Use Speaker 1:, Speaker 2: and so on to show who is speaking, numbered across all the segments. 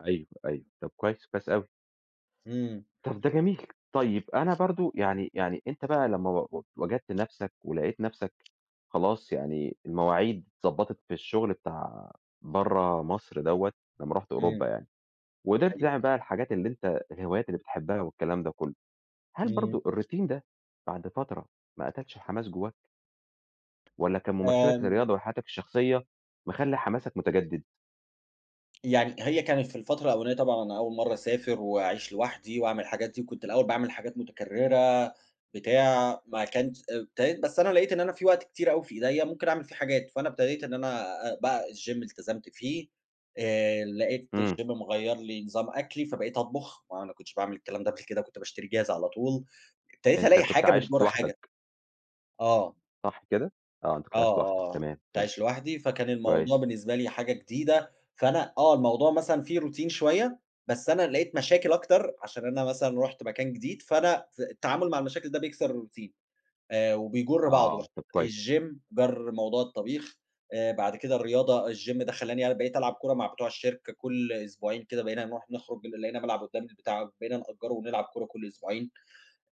Speaker 1: أيوه، أيوه، طب كويس، كويس أوي.
Speaker 2: إمم.
Speaker 1: طب ده جميل، طيب أنا برضه يعني يعني أنت بقى لمّا و و وجدت نفْسَك ولقيت نفْسَك خلاص، يعني المواعيد اتظبَّطت في الشغل بتاع برّه مصر دوّة، لمّا رُحت
Speaker 2: إمم.
Speaker 1: أوروبا يعني، وقدرت
Speaker 2: أيوه.
Speaker 1: تعمل بقى الحاجات اللي أنت الهوايات اللي بتحبها والكلام ده كلّه، هل
Speaker 2: إمم.
Speaker 1: برضه الRoutine ده بعد فترة ما قتلش الحماس جواك؟ والاّ كان ممارستك
Speaker 2: آمم
Speaker 1: للرياضة وحياتَك الشخصية، مخلّي حماسَك متجدد؟
Speaker 2: يعني هي كانت في الفترة الأولنية طبعًا أنا أول مَرّة أسافر واعيش لوحدي وأعمل الحاجات دي، وكنت الأول باعمل حاجات متكرّرة بتاع، ما كانش إبتديت بس أنا لقيت إن أنا في وقت كتير أوي في إيديّا ممكن أعمل فيه حاجات، فأنا ابتديت إن أنا بقى الGym التزمت فيه، آآ لقيت
Speaker 1: إمم.
Speaker 2: الGym مغيّر لي نظام أكلي فبقيت أطبخ، ما أنا كنتش باعمل الكلام ده قبل كده كنت باشتري جاهز على طول، ابتديت
Speaker 1: أنت
Speaker 2: ألاقي
Speaker 1: كنت
Speaker 2: حاجة
Speaker 1: عايش
Speaker 2: بتجُر حاجة.
Speaker 1: لوحدَك.
Speaker 2: آه.
Speaker 1: صح كده؟ آه أنت كنت
Speaker 2: آه،
Speaker 1: عايش لوحدَك،
Speaker 2: آه، آه،
Speaker 1: تمام،
Speaker 2: كنت
Speaker 1: تمام.
Speaker 2: عايش لوحدي، فكان الموضوع
Speaker 1: كويس.
Speaker 2: بالنسبة لي حاجة جديدة، فأنا آه الموضوع مثلًا فيه Routine شوية، بس أنا لقيت مشاكل أكتر عشان أنا مثلًا رُحت مكان جديد، فأنا في التعامل مع المشاكل ده بيكسر الRoutine، آآ وبيجُر
Speaker 1: آه،
Speaker 2: بعضه
Speaker 1: طب كويس.
Speaker 2: الGym جَر موضوع الطبيخ، آآ بعد كده الرياضة الGym ده خلّاني أنا بقيت ألعب كورة مع بتوع الشركة كلّ أسبوعين كده بقينا نروح نخرج لقينا ملعب قدّامنا بتاع بقينا نأجّره ونلعب كورة كلّ أسبوعين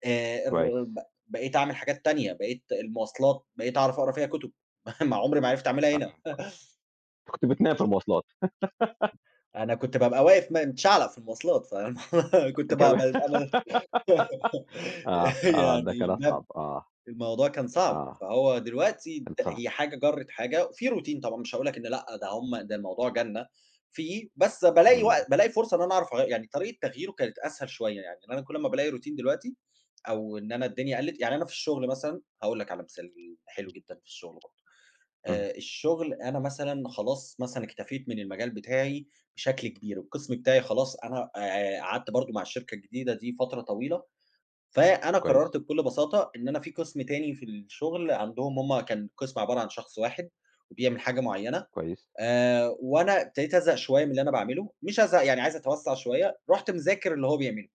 Speaker 2: آآ الر
Speaker 1: كويس.
Speaker 2: ب بقيت أعمل حاجات تانية، بقيت المواصلات بقيت أعرف أقرا فيها كُتب، عمري ما عرفت اعملها
Speaker 1: آه.
Speaker 2: هنا.
Speaker 1: أنت كنت بتنام في المواصلات.
Speaker 2: أنا كنت بابقى واقف م متشعلق في المواصلات فاهم، كنت ب
Speaker 1: كمان،
Speaker 2: ب [unintelligible]
Speaker 1: آه، آه، ده
Speaker 2: يعني
Speaker 1: كان
Speaker 2: الباب
Speaker 1: أصعب، آه.
Speaker 2: الموضوع كان صعب،
Speaker 1: آه.
Speaker 2: فهو دلوقتي
Speaker 1: كان
Speaker 2: د
Speaker 1: صعب.
Speaker 2: هي حاجة جرِّت حاجة، في Routine طبعًا مش هاقول لَك إن لأ ده هُم ده الموضوع جنّة، في بس بالاقي
Speaker 1: إمم.
Speaker 2: وق بالاقي فرصة إن أنا أعرف أغ يعني طريقة تغييره كانت أسهل شوية يعني، إن أنا كلّ أمّا بالاقي Routine دلوقتي، أو إن أنا الدنيا قلِّت، يعني أنا في الشغل مثلًا هاقول لَك على مثال حلو جدًا في الشغل برضه،
Speaker 1: اهم.
Speaker 2: آآ الشغل أنا مثلًا خلاص مثلًا اكتفيت من المجال بتاعي بشكل كبير، والقِسم بتاعي خلاص أنا آآ قعدت برضه مع الشركة الجديدة دي فترة طويلة، فأنا
Speaker 1: كويس.
Speaker 2: قرّرت بكلّ بساطة إن أنا في قِسم تاني في الشغل عندهم هُم كان قِسم عبارة عن شخص واحد وبيعمل حاجة معيّنة،
Speaker 1: كويس.
Speaker 2: آآ وأنا ابتديت أزهق شوية من اللي أنا باعمله، مش ازهق يعني عايز أتوسّع شوية، رُحت مذاكر اللي هو بيعمله.